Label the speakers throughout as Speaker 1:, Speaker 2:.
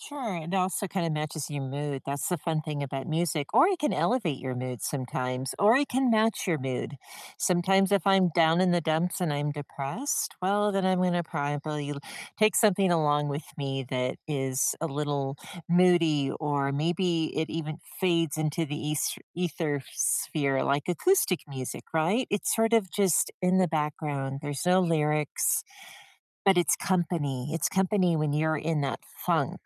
Speaker 1: Sure, it also kind of matches your mood, that's the fun thing about music, or it can elevate your mood sometimes, or it can match your mood. Sometimes if I'm down in the dumps and I'm depressed, well, then I'm gonna probably take something along with me that is a little moody, or maybe it even fades into the es ether sphere, like, acoustic music, right? It's sort of just in the background. There's no lyrics, but it's company it's company when you're in that funk,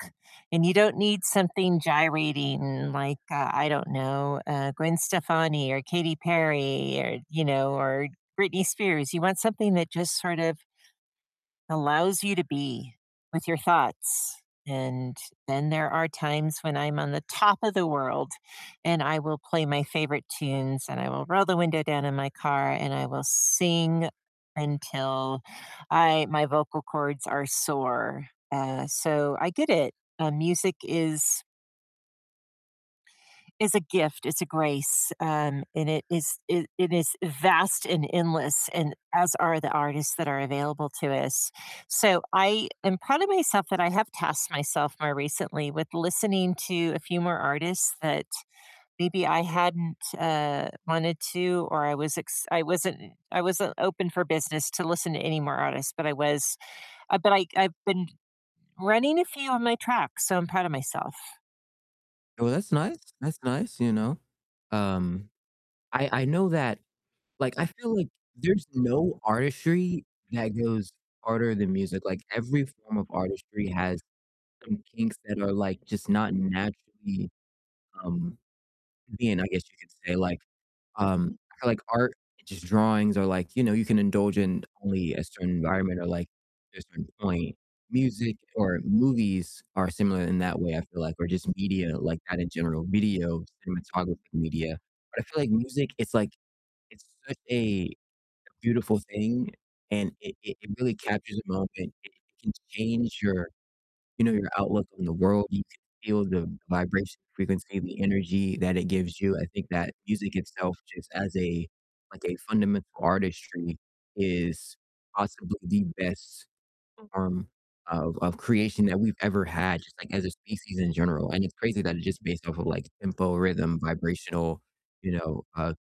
Speaker 1: and you don't need something gyrating like, uh, I don't know, uh, Gwen Stefani, or Katy Perry, or, you know, or Britney Spears. You want something that just sort of allows you to be with your thoughts, and then there are times when I'm on the top of the world, and I will play my favorite tunes, and I will roll the window down in my car, and I will sing until I my vocal cords are sore. Uh, so, I get it, uh, music is is a gift. It's a grace, um, and it is it it is vast, and endless, and as are the artists that are available to us. So, I am proud of myself that I have tasked myself more recently with listening to a few more artists that maybe I hadn't, uh, wanted to, or I was ex I wasn't I wasn't open for business to listen to any more artists, but I was uh, but I I've been running a few on my track, so, I'm proud of myself.
Speaker 2: Well, that's nice that's nice, you know, um, I I know that, like, I feel like there's no artistry that goes harder than music. Like, every form of artistry has some kinks that are, like, just not naturally, um, convenient, I guess you could say. Like, um, I feel like art just drawings are like, you know, you can indulge in only a certain environment, or, like, to a certain point. Music or movies are similar in that way, I feel like or just media, like at a general video cinematography media. But I feel like music it's like it's such a beautiful thing and it it it really captures a moment. It it can change your you know, your outlook on the world. You can feel the vibration, frequency, the energy that it gives you. I think that music itself just as a like a fundamental artistry is possibly the best form of of creation that we've ever had, just like as a species in general, and it's crazy that it's just based off of like tempo, rhythm, vibrational, you know, uh